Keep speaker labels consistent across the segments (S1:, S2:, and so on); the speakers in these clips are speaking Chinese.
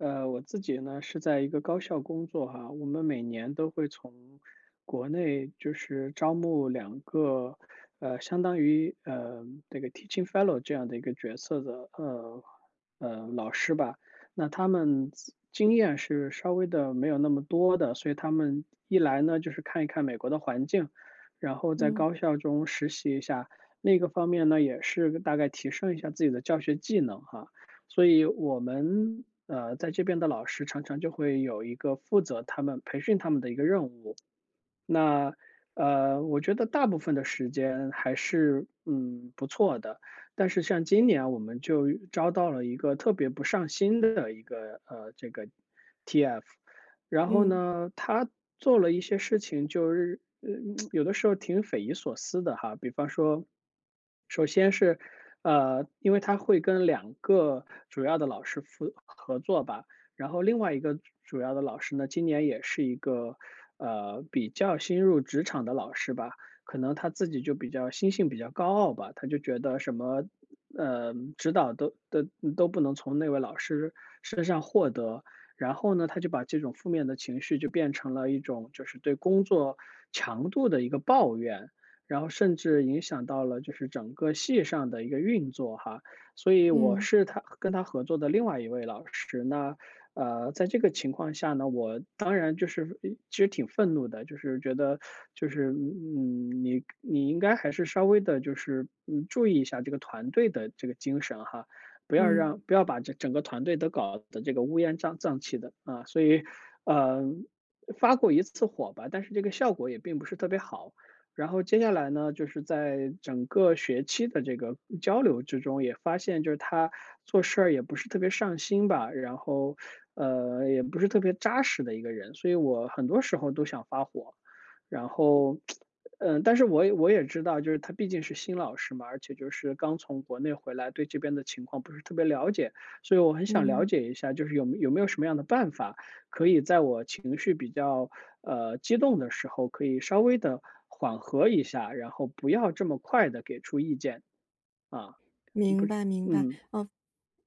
S1: 呃，我自己呢，是在一个高校工作哈。我们每年都会从国内就是招募2个，呃，相当于，呃，这个 teaching fellow 这样的一个角色的，呃，呃，老师吧。那他们经验是稍微的没有那么多的，所以他们一来呢，就是看一看美国的环境，然后在
S2: 嗯。
S1: 高校中实习一下。另一个方面呢，也是大概提升一下自己的教学技能哈。所以我们，呃，在这边的老师常常就会有一个负责他们培训他们的一个任务。那，呃，我觉得大部分的时间还是，嗯，不错的。但是像今年我们就招到了一个特别不上心的一个，呃，这个 TF，然后
S2: 嗯。
S1: 呢他做了一些事情就是，嗯 有的时候挺匪夷所思的哈。比方说首先是，呃，因为他会跟2个主要的老师合合作吧，然后另外一个主要的老师呢，今年也是一个，呃，比较新入职场的老师吧，可能他自己就比较心性比较高傲吧。他就觉得什么，呃，指导都都都不能从那位老师身上获得。然后呢，他就把这种负面的情绪就变成了一种就是对工作强度的一个抱怨，然后甚至影响到了就是整个系上的一个运作哈。所以我
S2: 嗯。
S1: 是他跟他合作的另外一位老师，那，呃，在这个情况下呢，我当然就是呃其实挺愤怒的，就是觉得就是嗯，你你应该还是稍微地就是，嗯，注意一下这个团队的这个精神哈。不要让
S2: 嗯。
S1: 不要把这整个团队都搞得这个乌烟瘴瘴气的啊。所以，呃，发过一次火吧，但是这个效果也并不是特别好。然后接下来呢，就是在整个学期的这个交流之中，也发现就是他做事儿也不是特别上心吧。然后，呃，也不是特别扎实的一个人，所以我很多时候都想发火。然后，呃，但是我我也知道，就是他毕竟是新老师嘛，而且就是刚从国内回来，对这边的情况不是特别了解。所以我很想了
S2: 嗯。
S1: 解一下，就是有有没有什么样的办法可以在我情绪比较，呃，激动的时候，可以稍微地缓和一下，然后不要这么快地给出意见。啊，不
S2: 明
S1: 是
S2: 白明白，
S1: 嗯。
S2: 嗯，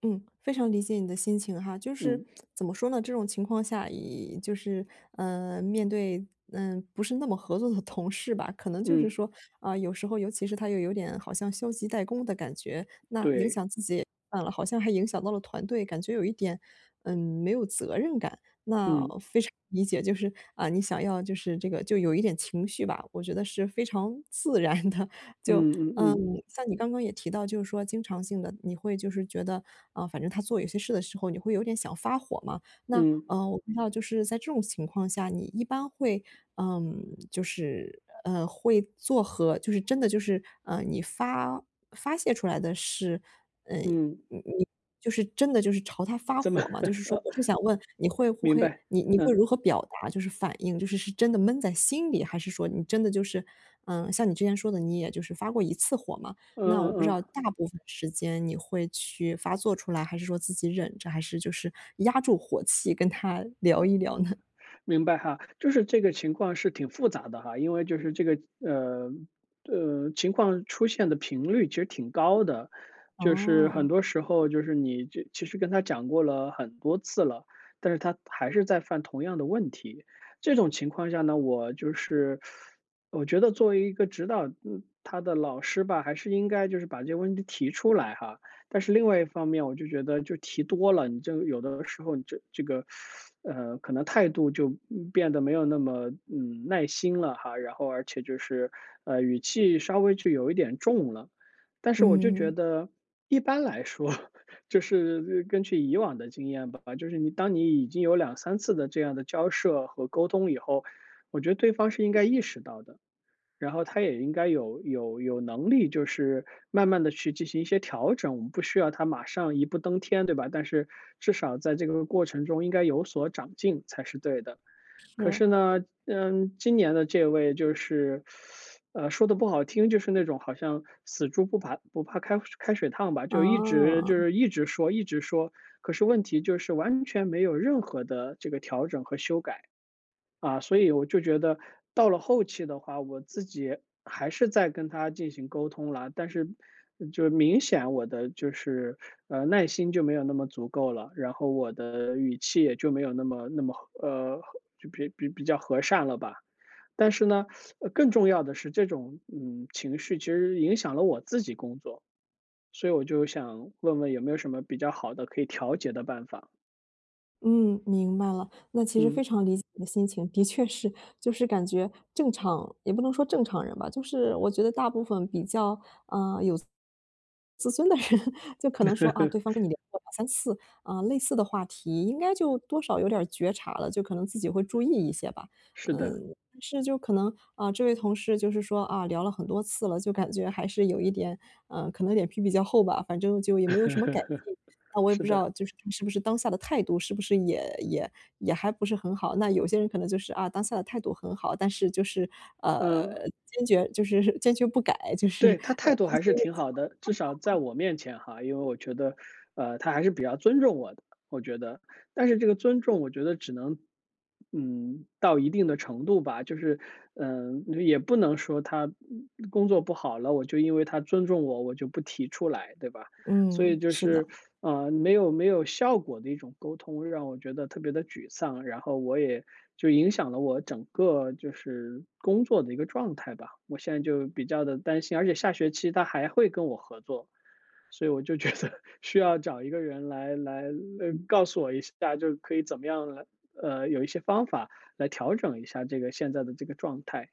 S2: 嗯。非常理解你的心情哈，就是
S1: 嗯。
S2: 怎么说呢？这种情况下，也就是，呃，面对，呃，不是那么合作的同事吧，可能就是
S1: 嗯。
S2: 说，呃，有时候，尤其是他又有点好像消极怠工的感觉，那影
S1: 对。
S2: 响自己算了好像还影响到了团队。感觉有一点，嗯，没有责任感，那
S1: 嗯。
S2: 非常理解。就是啊你想要就是这个就有一点情绪吧，我觉得是非常自然的。就，
S1: 嗯嗯
S2: 嗯，
S1: 嗯。
S2: 像你刚刚也提到就是说经常性地，你会就是觉得啊，反正他做一些事的时候，你会有点想发火嘛。那，
S1: 嗯。
S2: 呃，我不知道就是在这种情况下，你一般会，嗯，就是，呃，会做和就是真的就是啊，你发发泄出来的是，嗯，你
S1: 嗯。
S2: 你就是真的就是朝他发
S1: 这么，
S2: 火吗？就是说 我就想问你会不
S1: 明
S2: 会
S1: 白，
S2: 你你会
S1: 嗯。
S2: 如何表达？就是反应，就是是真的闷在心里，还是说你真的就是，嗯，像你之前说的你也就是发过一次火嘛，
S1: 嗯
S2: 那我
S1: 嗯
S2: 不知道
S1: 嗯。
S2: 大部分时间你会去发作出来，还是说自己忍着，还是就 是压住火气跟他聊
S1: 哦。
S2: 一聊呢？
S1: 明白哈，就是这个情况是挺复杂的哈。因为就是这个，呃，呃，情况出现的频率其实挺高的，就是很
S2: 哦。
S1: 多时候就是你就其实跟他讲过了很多次了，但是他还是在犯同样的问题。这种情况下呢，我就是 我觉得作为一个指导，嗯，他的老师吧，还是应该就是把这个问题提出来哈。但是另外一方面，我就觉得就提多了，你就有的时候你就这个，，呃，可能态度就，嗯变得没有那么，嗯，耐心了哈。然后而且就是，呃，语气稍微就有一点重了，但是我就觉
S2: 嗯。
S1: 得一般来说，就是根据以往的经验吧，就是你当你已经有2-3次的这样的交涉和沟通以后，我觉得对方是应该意识到的。然后他也应该有有有能力就是慢慢地去进行一些调整，我们不需要他马上一步登天对吧？但是至少在这个过程中应该有所长进才是对的。可是
S2: 是。
S1: 呢，嗯，今年的这位就是，，呃，说得不好听，就是那种好像死猪不怕不怕开开水烫吧，就一直就
S2: 哦。
S1: 是一直说一直说，可是问题就是完全没有任何的这个调整和修改。啊，所以我就觉得到了后期的话，我自己还是再跟他进行沟通了，但是就明显我的就是，呃，耐心就没有那么足够了，然后我的语气也就没有那么那么，呃，就比比比较和善了吧。但是呢，更重要的是，这种，嗯，情绪其实影响了我自己工作。所以我就想问问有没有什么比较好的可以调节的办法。
S2: 嗯，明白了。那其实
S1: 嗯。
S2: 非常理解你的心情，的确是。就是感觉正常也不能说正常人吧，就是我觉得大部分比较，呃，有，自尊的人就可能说啊，对方跟 你聊过2，3次，啊，类似的话题应该就多少有点儿觉察了，就可能自己会注意一些吧。
S1: 是的。
S2: 嗯，是就可能，啊，这位同事就是说啊聊了很多次了，就感觉还是有一点，呃，可能脸皮比较厚吧。反正就也没有什么改进，那 我也
S1: 是
S2: 不知
S1: 的。
S2: 道就是是不是当下的态度是不是也也也还不是很好，那有些人可能就是啊，当下的态度很好。但是就是，
S1: 嗯。
S2: 呃，坚决就是坚决不改，就
S1: 对，
S2: 是，
S1: 他
S2: 呃
S1: 态度还是挺好的，至少在
S2: [unintelligible]
S1: 我面前哈。因为我觉得，呃，他还是比较尊重我的，我觉得。但是这个尊重我觉得只能，嗯，到一定的程度吧。就是，呃，就也不能说他嗯嗯工作不好了，我就因为他尊重我，我就不提出来，对吧？所以
S2: 嗯，
S1: 就
S2: 是
S1: 是，
S2: 的。
S1: 呃，没有没有效果的一种沟通，让我觉得特别地沮丧。然后我也就影响了我整个就是工作的一个状态吧。我现在就比较地担心，而且下学期他还会跟我合作，所以我就觉得需要找一个人来来来告诉我一下，就可以怎么样了，呃，有一些方法来调整一下这个现在的这个状态。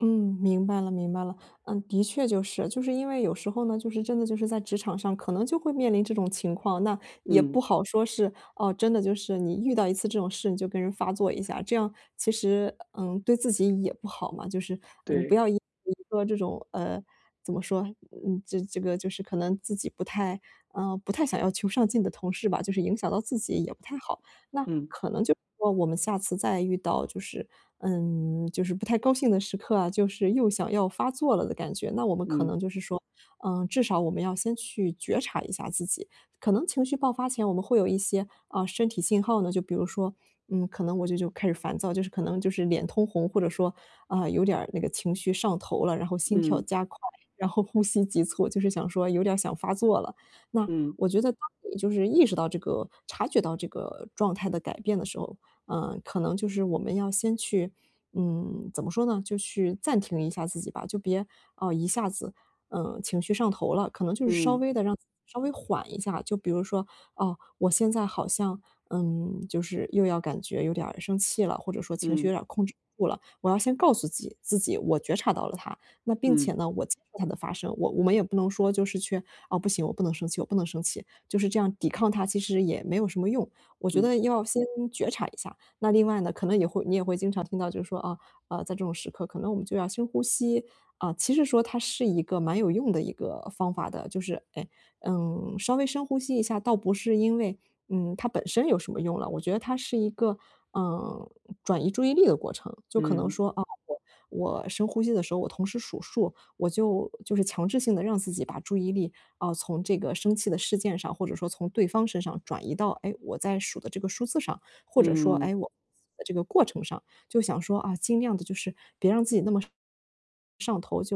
S2: 嗯，明白了明白了。呃，的确就是，就是因为有时候呢，就是真的就是在职场上可能就会面临这种情况。那也
S1: 嗯。
S2: 不好说是，哦，真的就是你遇到一次这种事你就跟人发作一下，这样其实，呃，对自己也不好嘛，就是，嗯，不
S1: 对。
S2: 要 [unintelligible] 说这种，呃，怎么说？嗯，这这个就是可能自己不太，呃，不太想要求上进的同事吧，就是影响到自己也不太好。那
S1: 嗯。
S2: 可能就是说我们下次再遇到就是嗯，就是不太高兴的时刻啊，就是又想要发作了的感觉。那我们可
S1: 嗯。
S2: 能就是说，呃，至少我们要先去觉察一下自己，可能情绪爆发前我们会有一些，啊，身体信号呢。就比如说，嗯，可能我就就开始烦躁，就是可能就是脸通红，或者说，啊，有点儿那个情绪上头了，然后心跳
S1: 嗯。
S2: 加快，然后呼吸急促，就是想说有点儿想发作了。那
S1: 嗯。
S2: 我觉得当你就是意识到这个察觉到这个状态的改变的时候，呃，可能就是我们要先去嗯，怎么说呢，就去暂停一下自己吧。就别，啊，一下子，呃，情绪上头了，可能就是稍
S1: 嗯。
S2: 微地让稍微缓一下。就比如说，啊，我现在好像，嗯，就是又要感觉有点儿生气了，或者说情绪有
S1: 嗯。
S2: 点儿控制不住了，我要先告诉自己自己我觉察到了它。那并
S1: 嗯。
S2: 且呢，我 [unintelligible] 的发声，我我们也不能说就是去，啊，不行，我不能生气，我不能生气，就是这样抵抗它其实也没有什么用。我觉
S1: 嗯。
S2: 得要先觉察一下。那另外呢，可能也会你也会经常听到就是说啊啊，在这种时刻可能我们就要深呼吸，啊，其实说它是一个蛮有用的一个方法的，就是，呃，嗯，稍微深呼吸一下。倒不是因为，嗯，它本身有什么用了，我觉得它是一个，呃，转移注意力的过程。就可能
S1: 嗯。
S2: 说啊，我我深呼吸的时候，我同时数数，我就就是强制性地让自己把注意力啊，从这个生气的事件上，或者说从对方身上转移到，哎，我在数的这个数字上。或者说
S1: 嗯。
S2: 哎我 [unintelligible] 这个过程上。就想说啊，尽量地就是别让自己那么上上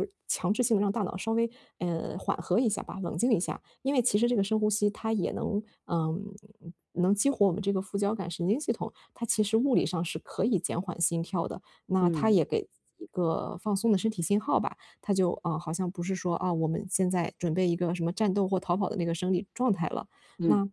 S2: 头，就是强制性地让大脑稍微，呃，缓和一下吧，冷静一下。因为其实这个深呼吸它也能呃，能激活我们这个副交感神经系统，它其实物理上是可以减缓心跳的。那它
S1: 嗯。
S2: 也给自己一个放松的身体信号吧。它就啊，好像不是说啊，我们现在准备一个什么战斗或逃跑的那个生理状态了。
S1: 嗯。
S2: 那，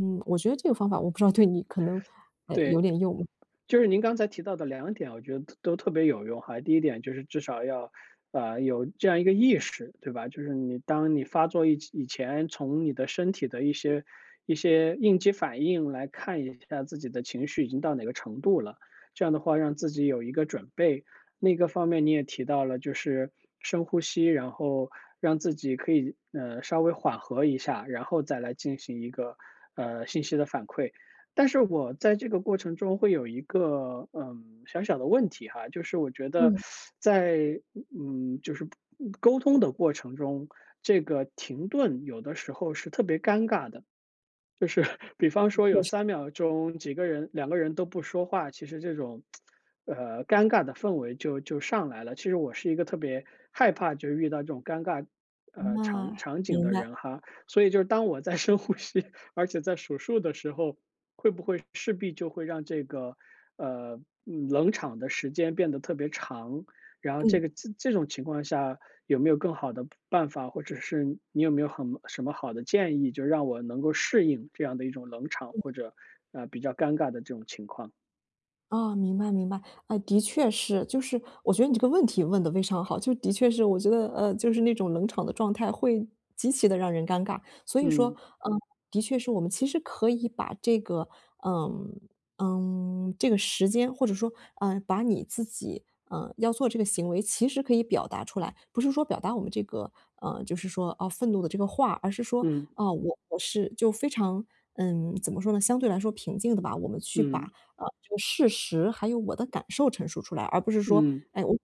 S2: 嗯，我觉得这个方法我不知道对你可能呃，有
S1: 对。
S2: 点用。
S1: 就是您刚才提到的2点啊，我觉得都特别有用哈。第一点就是至少要，呃，有这样一个意识，对吧？就是你当你发作以前从你的身体的一些一些应激反应来看一下自己的情绪已经到哪个程度了，这样的话让自己有一个准备。另一个方面你也提到了，就是深呼吸，然后让自己可以，呃，稍微缓和一下，然后再来进行一个，呃，信息的反馈。但是我在这个过程中会有一个，呃，小小的问题哈。就是我觉得
S2: 嗯。
S1: 在嗯，就是沟通的过程中，这个停顿有的时候是特别尴尬的。就是比方
S2: 的
S1: 说有
S2: 确是。
S1: 3秒钟几个人2个人都不说话，其实这种，呃，尴尬的氛围就就上来了。其实我是一个特别害怕就遇到这种尴尬，呃，
S2: 那
S1: 场场景
S2: 明
S1: 的
S2: 白。
S1: 人哈，所以就是当我在深呼吸，而且在数数的时候，会不会势必就会让这个，呃，冷场的时间变得特别长。然后这个
S2: 嗯。
S1: 这种情况下有没有更好的办法，或者是你有没有很什么好的建议，就让我能够适应这样的一种冷场，
S2: 嗯。
S1: 或者，呃，比较尴尬的这种情况。
S2: 哦，明白明白，嗯，的确是，就是我觉得你这个问题问得非常好，就是的确是我觉得，呃，就是那种冷场的状态会极其的让人尴尬。所以说，
S1: 嗯。
S2: 呃，的确是我们其实可以把这个，呃，嗯，这个时间或者说，呃，把你自己，呃，要做这个行为，其实可以表达出来，不是说表达我们这个，呃，就是说，哦，愤怒的这个话，而是说
S1: 嗯。
S2: 啊，呃，我是就非常嗯，怎么说呢，相对来说平静的吧，我们去把，
S1: 嗯。
S2: 呃，这个事实还有我的感受陈述出来，而不是说，
S1: 嗯。
S2: 哎，我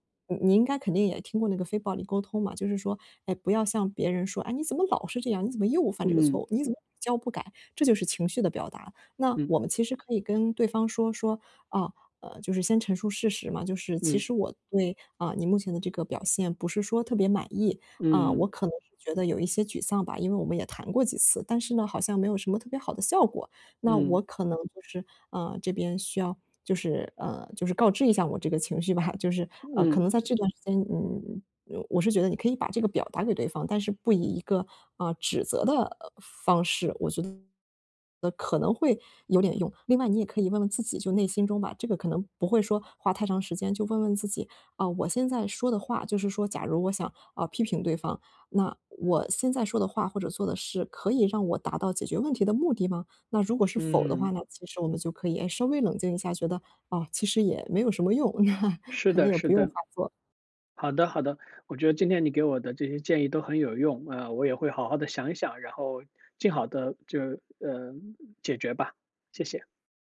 S2: 你应该肯定也听过那个非暴力沟通嘛。就是说，哎，不要向别人说：“哎，你怎么老是这样，你怎么又犯这个错
S1: 嗯。
S2: 误，你怎么屡教不改。”这就是情绪的表达。那
S1: 嗯。
S2: 我们其实可以跟对方说说啊，呃，就是先陈述事实嘛，就是其
S1: 嗯。
S2: 实我那啊，你目前的这个表现不是说特别满意，啊，
S1: 嗯。
S2: 我可能觉得有一些沮丧吧，因为我们也谈过几次，但是呢，好像没有什么特别好的效果，那我
S1: 嗯。
S2: 可能就是啊，这边需要就是，呃，就是告知一下我这个情绪吧。就是，呃，可
S1: 嗯。
S2: 能在这段时间，嗯，我是觉得你可以把这个表达给对方，但是不以一个，啊，指责的方式，我觉得，可能会有点用，另外你也可以问问自己，就内心中吧，这个可能不会说花太长时间就问问自己，啊，我现在说的话就是说假如我想，啊，批评对方，那我现在说的话或者做的事可以让我达到解决问题的目的吗？那如果是否的话
S1: 嗯。
S2: 呢，其实我们就可以，诶，稍微冷静一下，觉得，啊，其实也没有什么用，
S1: 是
S2: 可能
S1: 的
S2: 也
S1: 是
S2: 不用
S1: 的。
S2: 啊做。
S1: 好的好的，我觉得今天你给我的这些建议都很有用，呃，我也会好好地想一想，然后尽好地就呃，解决吧，谢谢。